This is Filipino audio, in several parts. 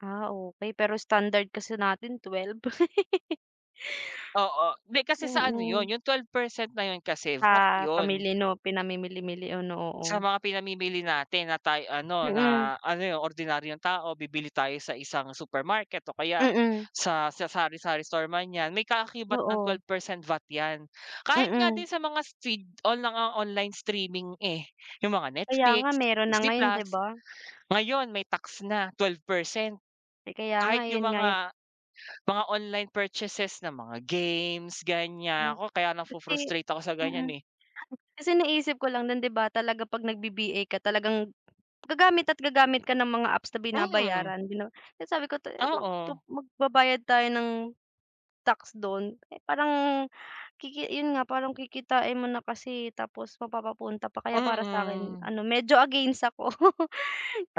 Ah, okey. Pero standard kasi natin 12. Oo, di kasi sa ano yun, Mm. yung 12% na yun VAT Sa yun. pamili no? Pinamimili-mili o no? Sa Oo. mga pinamimili natin na tayo ano Mm. na ano yung ordinaryong tao bibili tayo sa isang supermarket o kaya Mm. sa sa sari-sari store man yan may kaakibat ng twelve Oo. percent vat yan. Kahit nga Mm. din sa mga feed o mga online streaming eh yung mga Kaya nga, Netflix, meron na Disney ngayon, di Plus, ba? ngayon may tax na 12% Eh ka, ya Kahit nga, yun yung nga yung, mga mga online purchases na mga games Hmm ganyan nako kaya Kasi, nafo-frustrate ako sa ganyan mm. eh. Kasi naisip ko lang dun di ba talaga pag nagvi VA ka talagang gagamit at gagamit ka ng mga apps na Mm. binabayaran din no. Kaya sabi ko [unintelligible] mag tu Oo. magbabayad tayo ng tax dun eh parang kiki yun nga parang kikitain mo na kasi tapos mapapapunta pa kaya para sa akin Mm. ano medyo against ako.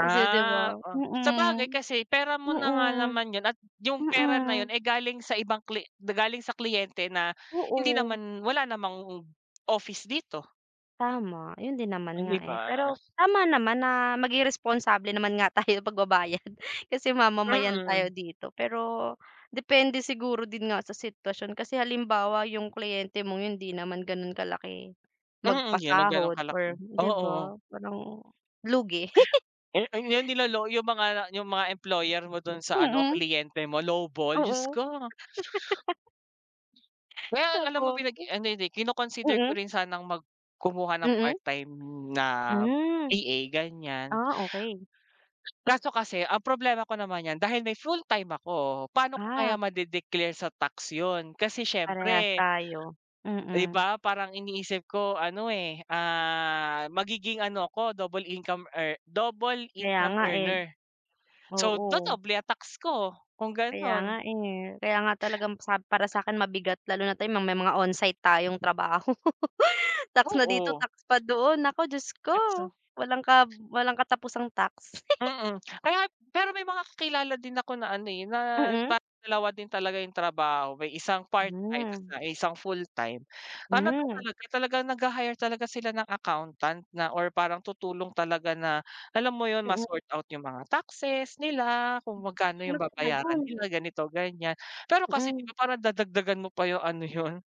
Kasi di ba? Oh, Mm sabagay kasi pera mo na nga mm naman yun at yung pera na yun mm. ay galing sa ibang kli galing sa kliyente na hindi Oo. naman, wala namang office dito. Tama. Yun din O, naman di nga eh. ba? Pero tama naman na maging responsable naman nga tayo pagbabayad kasi mamamayan tayo Mm. dito. Pero depende siguro din nga sa sitwasyon kasi halimbawa yung kliyente mong yun, hindi naman ganun kalaki Mm, Di naman ganun magpasahod, or kalaki, di oo. ba? Parang lugi. Eh ayung nilolow yung mga yung mga employer mo dun sa ano Mm. kliyente mo lowball. Diyos Oo. ko. Well, alam mo Naku. pinag ano hindi kino-consider ko Mm. rin sanang mag kumuha ng part Mm. time na Mm. VA ganyan. Ah okay. Kaso kasi ang problema ko naman yan dahil may full time ako pano ko Ah. kaya made-declare sa tax yun kasi Parehas siyempre, tayo. Di Mm. ba parang iniisip ko ano eh. Ah, magiging ano ko double income ear double Kaya income nga eh, earner. So oo. dodoble ang tax ko kung Kaya ganun. nga eh, kaya nga talagang sab para sakin mabigat lalo na may mga onsite tayong trabaho. Tax na dito Oo. tax pa doon, nako Diyos ko. Walang ka walang katapusang tax. Mm, kaya at pero may mga kakilala din ako na ano eh na Mm. parang dalawa din talaga yung trabaho may isang part time, Hmm. may isang full time. Ano daw Hmm. talaga talagang naghahire talaga sila ng accountant na or parang tutulong talaga na alam mo yun ma Mm. sort out yung mga taxes nila kung magkano Sino yung pala babayaran yun? nila ganito ganyan. Pero kasi di ba Mm. parang dadagdagan mo pa yung ano yun?